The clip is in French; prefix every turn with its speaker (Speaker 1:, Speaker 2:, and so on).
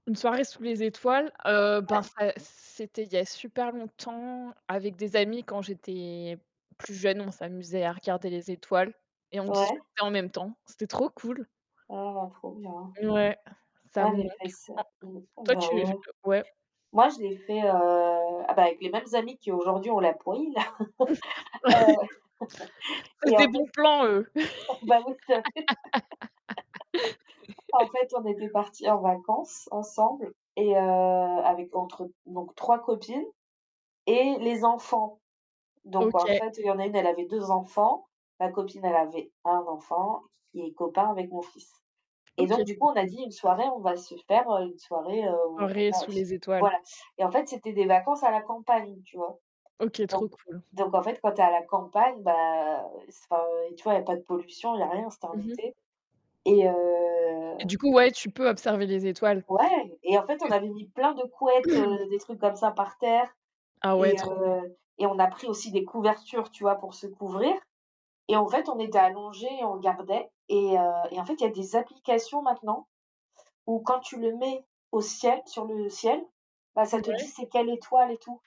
Speaker 1: Une soirée sous les étoiles, heu, ben,
Speaker 2: Ouais.
Speaker 1: ça c c'était il y a super longtemps, avec des amis, quand j'étais plus jeune. On s'amusait à regarder les étoiles, et on
Speaker 2: Ouais.
Speaker 1: discutait en même temps. C'était trop cool!
Speaker 2: Oh, trop bien!
Speaker 1: Mouais, ça
Speaker 2: Ah
Speaker 1: me manque.
Speaker 2: les fesses. Mmh.
Speaker 1: En toi,
Speaker 2: Bah
Speaker 1: tu v
Speaker 2: ouais.
Speaker 1: ouais.
Speaker 2: Moi, je l'ai fait, heu, ah, bah, avec les mêmes amis qui aujourd'hui ont la pouille. Heu,
Speaker 1: C'est
Speaker 2: et
Speaker 1: des
Speaker 2: en
Speaker 1: bons
Speaker 2: fait,
Speaker 1: plans, eux.
Speaker 2: bah oui, que en fait, on était partis en vacances ensemble et heu, avec entre donc 3 copines, et les enfants, donc en
Speaker 1: OK.
Speaker 2: fait, il y en a une, elle avait 2 enfants, ma copine, elle avait 1 enfant q q qui est copain avec mon fils, et donc
Speaker 1: OK,
Speaker 2: du coup,
Speaker 1: trop
Speaker 2: on a
Speaker 1: cool.
Speaker 2: dit une soirée, on va se faire, heu, une soirée, heu, où on
Speaker 1: Soirée,
Speaker 2: regarde
Speaker 1: sous
Speaker 2: s
Speaker 1: les étoiles.
Speaker 2: voilà, et en fait, c'était des vacances à la campagne, tu vois?
Speaker 1: OK,
Speaker 2: Donc
Speaker 1: trop cool.
Speaker 2: donc en fait, quand tu es à la campagne, bah, c enfin, heu, tu vois? Il y a pas de pollution, il y a rien, c'était en
Speaker 1: Mmh mh.
Speaker 2: été, et
Speaker 1: Et
Speaker 2: heu
Speaker 1: du coup, ouais, tu peux observer les étoiles. Parce
Speaker 2: Ouais, et en fait,
Speaker 1: que
Speaker 2: on
Speaker 1: s
Speaker 2: avait mis plein de couettes, heu, des trucs comme ça par terre
Speaker 1: Ah, ouais,
Speaker 2: et
Speaker 1: trop
Speaker 2: heu, et on a pris aussi des couvertures, tu vois? Pour se couvrir, et en fait, on était allongés et on regardait, et heu, et en fait, il y a des applications maintenant où quand tu le mets au ciel, sur le ciel, bah, ça te dit
Speaker 1: Mouais.
Speaker 2: c'est quelle étoile et tout.